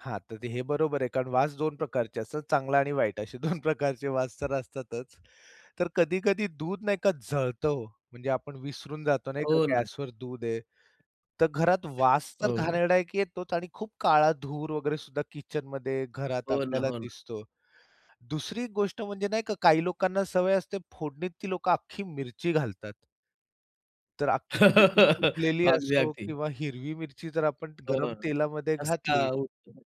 हां, तर हे बरोबर आहे कारण वास 2 प्रकारचे असतात. चांगला आणि वाईट असे 2 प्रकारचे वास तर असतातच. तर कधी-कधी दूध नाही का जळतं ओ, म्हणजे आपण विसरून जातो नाही का, हो ना. गॅसवर दूध आहे. तर घरात वास तर हो. घाणेरडा एक येतोच आणि खूप काळा धूर वगैरे सुद्धा किचनमध्ये घरात हो ना, आपल्याला हो ना. दिसतो. दुसरी गोष्ट म्हणजे नाही का, काही लोकांना सवय असते फोडणीत ती लोकं अख्खी मिरची घालतात. तर अख्खी मिरची सुकलेली अगदी, असो अगदी. किंवा हिरवी मिरची जर आपण हो गरम ना तेलामध्ये ठसका घातली. उठतो.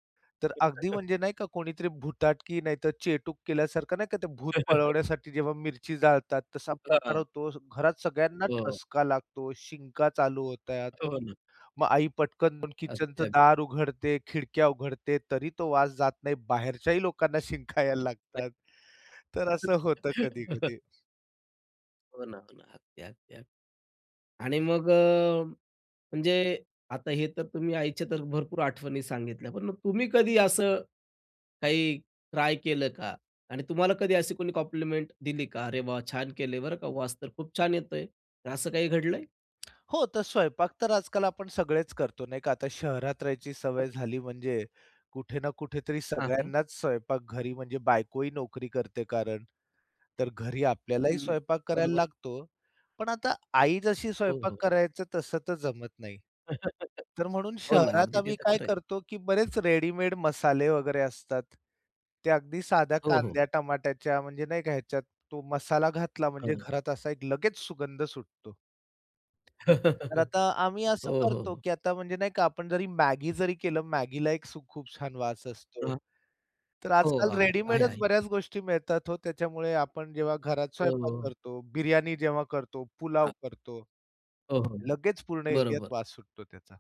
तर अगदी म्हणजे नाही का कोणीतरी भुताटकी नाहीतर चेटूक केल्यासारखं नाही का, ते भूत पळवण्यासाठी जेव्हा मिरची जाळतात, तसा हां, प्रकार हां. होतो. घरात सगळ्यांना हो. ठसका लागतो, शिंका चालू होतात. हो ना. मग आई पटकन किचनच अगदी, अगदी. दार उघडते, खिडक्या उघडते, तरी तो वास जात नाही. बाहेरच्याही लोकांना शिंका यायला [unintelligible] लागतात, तर असं होतं कधी-कधी. हो ना, हो ना. अगदी, अगदी, अगदी आणि मग अ, म्हणजे आता हे तर तुम्ही आईच्या तर भरपूर आठवणी सांगितल्या, पण मग तुम्ही कधी असं काही ट्राय केलं का आणि तुम्हाला कधी अशी कोणी कॉम्प्लिमेंट दिली का अरे वाह! छान केले आहे बरं का. वास तर खूप छान येतोय. असं काही घडलंय? हो, तर स्वयंपाक तर आजकाल आपण सगळेच करतो नाही का. आता शहरात राहायची सवय झाली म्हणजे कुठे ना कुठेतरी आहे. सगळ्यांनाच स्वयंपाक घरी म्हणजे बायको ही नोकरी करते कारण तर घरी आपल्यालाही हं, हं, स्वयंपाक करायला बरोबर. लागतो. पण आता आई जशी हो, स्वयंपाक हो. करायचं, तसं तर जमत नाही. तर म्हणून हो ना, शहरात अगदी ते आम्ही तर काय खरंय. करतो की बरेच रेडीमेड मसाले वगैरे असतात. ते अगदी साध्या हो, हो. कांद्या, टमाट्याच्या म्हणजे नाही का ह्याच्यात तो मसाला घातला म्हणजे हं. घरात असा एक लगेच सुगंध सुटतो. तर आता आम्ही असं हो, हो, करतो, हो. की आता म्हणजे नाही का आपण जरी मॅगी जरी केलं मॅगीला एक खूप छान वास असतो. हां. तर हो आजकाल अगदी, आहे, रेडीमेडच आहे. बऱ्याच गोष्टी मिळतात हो, त्याच्यामुळे आपण जेव्हा घरात हो, स्वयंपाक हो. करतो, बिर्याणी जेव्हा करतो, पुलाव हां. करतो हो हो, लगेच पूर्ण एरियात बरोबर. वास सुटतो त्याचा.